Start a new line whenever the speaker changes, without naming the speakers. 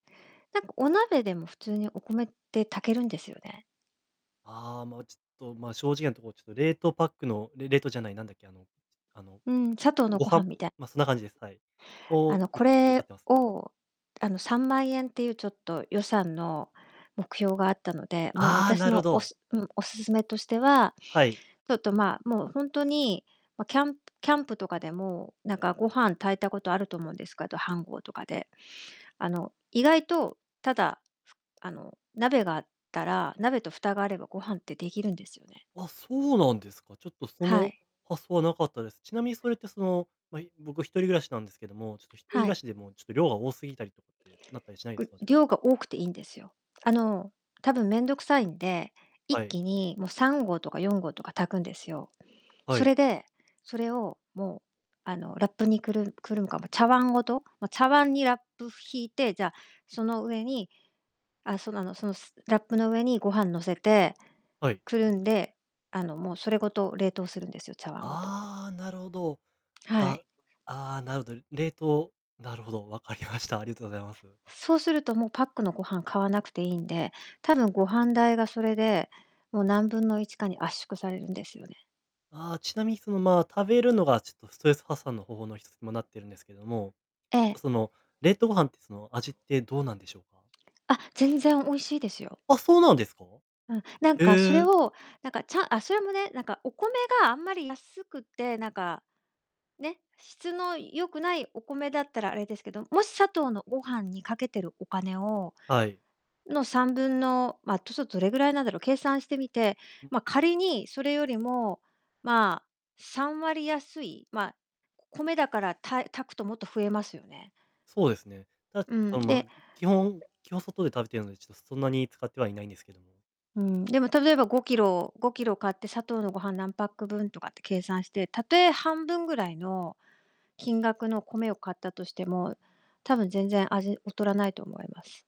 なんか、お鍋でも、普通に、お米って炊けるんですよね。
ああ、ま、ちょっと、ま、正直なところ、ちょっと冷凍パックのれ冷凍じゃない、なんだっけ、あの、あの、
うーん、サトウ
ご
の
ご
ごは
飯
んみたい
ま、そんな感じです、はい、を、
あ
よ
の、
く
こ
使っ
れ
てます。
を、あの、3万円っていう、ちょっと、予算の目標があったので、ま、
ああ、
私
なるほ
のお
ど。
すうん、おすすめとしては、
はい。
ちょっと、まあ、もう、ほんとに、ま、キャンキャンプとかでもなんかご飯炊いたことあると思うんですかど、飯ごうとかで。あの、意外と、ただ、あの、鍋があったら鍋と蓋があれば、ご飯ってできるんですよね。
あ、そうなんですか。ちょっと、そ
は
の
い。
発想はなかったです。ちなみにそれって、その、ま、い僕、一人暮らしなんですけども、ちょっと、一人暮
は
ら
い。
しでも、ちょっと量が多すぎたりってなったりしないで
ぐ
すか？
量が多くていんですよ。あの、多分面倒くさいんで、一
はい。
気に、も、3合とか4合とか炊くんですよ。
は
そ
い。
れで、それを、もう、あの、ラップにくるくるむか、ま、茶碗ごと、ま、茶碗にラップ引いて、じゃあ、その上にあ、その、あの、その、すラップの上にご飯乗せて、
はい。
くるんで、あの、もうそれごと冷凍するんですよ、茶碗ごと。
ああ、なるほど。
は
わ
い。
ああ、なるほど、冷凍なるほど、わかりました。ありがとございます。
そうすると、もうパックのご飯買わなくていいんで、多分、ご飯代が、それでもう何分の1かに、圧縮されるんですよね。
ああ、ちなみに、その、まあ、食べるのがちょっと、ストレス発散の方法の1つも、なってるんですけども、
ええ。
その、冷凍ご飯って、その、味ってどうなんでしょうか？
あ、全然美味しいですよ。
あ、そうなんですか？
うん、なんかそ
え
れ
え。
を、なんか、ちゃんあ、それもね、なんか、お米があんまり安くて、なんか、ね、質の良くないお米だったらあれですけど、もし、サトウのごはんにかけてるお金を
はい。
の、3分の、まあ、ちょそどれぐらいなんだろう。計算してみて、ま、仮に、それよりも、まあ、3割安い、ま、米だから、たい炊くともっと増えますよね。
そうですね。た
うん、
その、ま、
で
基本基本外で食べてるので、ちょっとそんなに使ってはいないんですけども。
うん、でも、例えば、5kg5kg買って、サトウのごはん何パック分とかって計算して、たとえ、半分ぐらいの金額の米を買ったとしても、多分、全然、味、劣らないと思います。